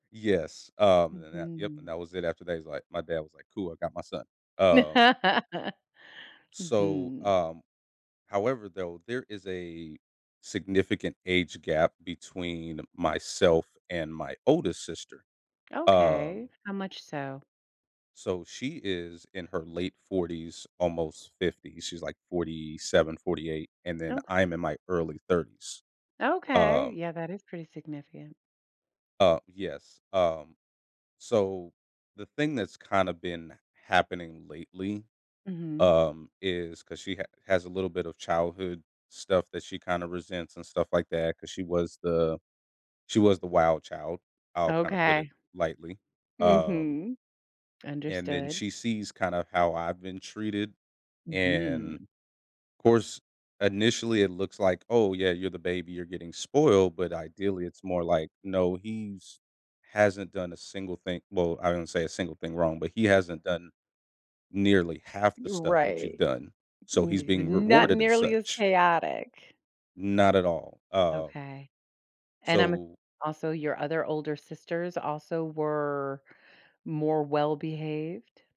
Yes, um, then that yep, and Mhm. that was it after that, he's like my dad was like, "Cool, I got my son," um so, Mhm. um however, though, there is a significant age gap between myself and my oldest sister, um Okay, how much so? so, she is in her late 40s almost 50s, she's like 47, 48 and then Oka I'm in my early 30s, Okay, um yeah, that is pretty significant. Uh, yes, um, so, the thing that's kinda been happening lately, Mhm. um, is 'cause she ha has a little bit of childhood stuff that she kinda resents and stuff like that 'cause she was the she was the wild child, I'll kinda put it Okay. lightly, um Mhm. and then, Understood. she sees kinda how I've been treated, and Mhm. 'course, initially it looks like, "Oh, yeah, you're the baby, you're getting spoiled," but ideally it's more like, "No, he's hasn't done a single thing" Well, I wouldn't say a single thing wrong, but "He hasn't done nearly half the Y stuff that you've right. done, so he's D being not rewarded as nearly as such." chaotic. Not at all, um Okay, and I'm a so also, your other older sisters also were more well-behaved?